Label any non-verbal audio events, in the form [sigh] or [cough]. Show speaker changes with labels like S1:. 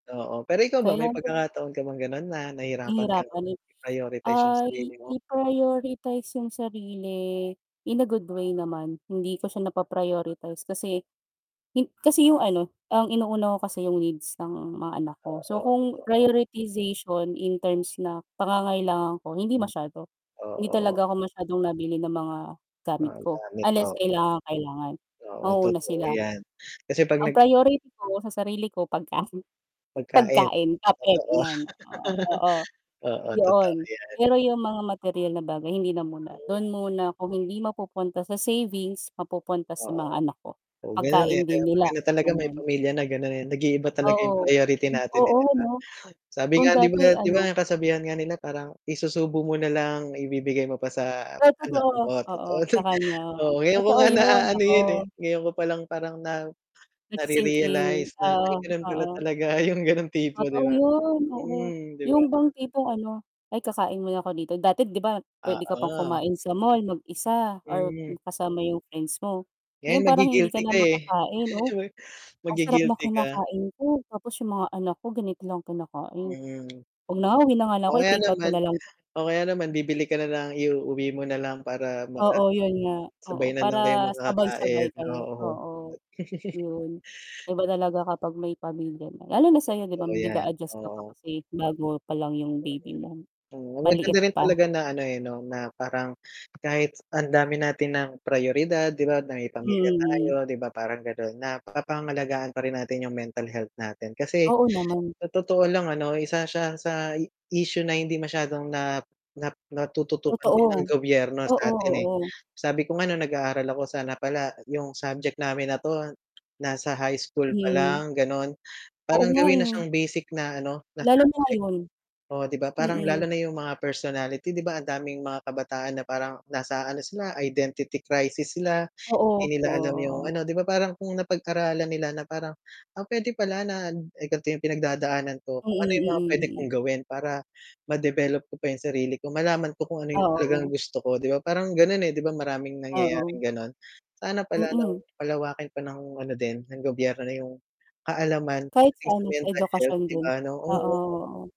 S1: Oo. Pero ikaw ba, may
S2: Kayan
S1: pagkakataon ka bang ganun, na nahihirapan kang
S2: Nahihirapan ay
S1: i-prioritize yung
S2: Ay
S1: sarili mo?
S2: i-prioritize yung sarili in a good way naman, hindi ko siya napa-prioritize kasi hin kasi yung ano, ang inuuna ko kasi yung needs ng mga anak ko.
S1: Oo,
S2: So,
S1: eto
S2: kung
S1: oh.
S2: prioritization in terms na pangangailangan ko, hindi
S1: Mm,
S2: masyado, Hindi
S1: oo
S2: talaga ako masyadong nabili ng mga gamit
S1: Mga
S2: ko
S1: gamit
S2: unless
S1: o
S2: kailangang kailangan,
S1: Oo
S2: mauuna
S1: totoo
S2: sila.
S1: yan. Kasi pag
S2: Ang
S1: nag
S2: priority ko sa sarili ko pagkain,
S1: Pagkain,
S2: pagkain kape
S1: totoo.
S2: ganyan, oo,
S1: [laughs] Oo, totoo
S2: yoon.
S1: yan.
S2: Pero yung mga materyal na bagay hindi na muna, dun muna kung hindi mapupunta sa savings mapupunta sa
S1: Oo,
S2: mga anak ko,
S1: oo ganun, eh,
S2: pagkain
S1: 'di
S2: din
S1: ba 'pag
S2: nila,
S1: ganun talaga may
S2: ganon.
S1: pamilya na ganon eh, nag-iiba talaga yung
S2: Oo.
S1: priority natin eh,
S2: Oo
S1: di ba.
S2: ano,
S1: Sabi
S2: kung
S1: nga, 'di ba
S2: dati
S1: 'di ba,
S2: ano
S1: ang kasabihan nga nila parang isusubo mo na lang, ibibigay mo pa sa
S2: Di,
S1: anak
S2: totoo,
S1: mo.
S2: oo,
S1: Totoo
S2: sa
S1: yun,
S2: kanya,
S1: oo ngayon ko
S2: totoo
S1: nga
S2: yun
S1: naaano
S2: nako.
S1: yun eh, ngayon ko palang parang na
S2: Nagsi-sink
S1: nare-realize
S2: in,
S1: na ay
S2: oo,
S1: ganun pala
S2: oo.
S1: talaga yung ganung tipo 'di
S2: Totoo
S1: ba.
S2: yun, oo.
S1: Mm, di ba?
S2: Yung bang tipong ano, ay, kakain mo na ako dito. Dati 'di ba pwede ka pang
S1: Oo.
S2: kumain sa mall mag-isa or
S1: Hmm.
S2: kasama yung friends mo. Ngayon,
S1: Ngayon
S2: parang hindi
S1: magi-guilty
S2: ka na
S1: ka eh,
S2: makakain, 'no, ang sarap ng
S1: magi-guilty ka.
S2: kinakain ko tapos yung mga anak ko ganito lang kinakain,
S1: Mm.
S2: 'wag na nga, uwi na nga lang ako,
S1: O, kaya
S2: i-takeout ko
S1: naman
S2: na lang 'to.
S1: o kaya naman bibili ka nalang iuuwi mo nalang para maka
S2: Oo, yun nga. Oo,
S1: sabay na lang kayong
S2: para
S1: kakakain,
S2: sabay-sabay kayo,
S1: oo.
S2: oo,
S1: [laughs]
S2: yun. Iba talaga kapag may pamilya na lalo
S1: [unintelligible]
S2: na sa'yo, 'di ba,
S1: Totoo yan,
S2: nag-a-adjust ka pa
S1: oo.
S2: kasi bago pa lang yung baby mo,
S1: Mm. Maganda
S2: maliit
S1: rin
S2: pa.
S1: talaga na ano eh, 'no, na parang kahit ang dami natin ng prayoridad, di ba, na may pamilya tayo,
S2: Mm.
S1: di ba, parang ganun, naapangalagaan pa rin natin yung mental health natin. Kasi
S2: Oo naman.
S1: sa totoo lang ano, isa siya sa issue na hindi masyadong na na natututukan din ng
S2: Totoo,
S1: gobyerno
S2: oo,
S1: sa atin eh.
S2: oo.
S1: Sabi ko, nung nag-aaral ako sana pala yung subject namin na 'to, nasa high school pa
S2: Mhm.
S1: lang ganon,
S2: Oo
S1: parang
S2: nga
S1: gawin na
S2: eh.
S1: siyang basic na ano na
S2: Lalo na
S1: subject.
S2: ngayon.
S1: Oo, 'di ba parang lalo
S2: Mm.
S1: na yung mga personality di ba ang daming mga kabataan na parang nasa ano sila, identity crisis sila
S2: Oo,
S1: di nila
S2: oo,
S1: alam yung,
S2: oo.
S1: ano, 'di ba parang kung napag-aralan nila na parang, ah, pwede pala na eh, ganto yung pinagdadaanan ko,
S2: Mm,
S1: kung ano yung mga pwede
S2: mm,
S1: kong
S2: mm.
S1: gawin para ma-develop ko pa yung sarili ko, malaman ko kung ano yung talagang
S2: Oo.
S1: gusto ko. Di ba parang ganun eh, 'di ba maraming
S2: Oo.
S1: nangyayaring ganon. Sana pala
S2: Mm.
S1: 'no palawakin pa nong ano din ng gobyerno yung kaalaman
S2: Kahit
S1: pagdating
S2: sa
S1: sa
S2: ano, sa
S1: mental health,
S2: edukasyon
S1: di
S2: din,
S1: ba, ano,
S2: oo
S1: oo.
S2: oo.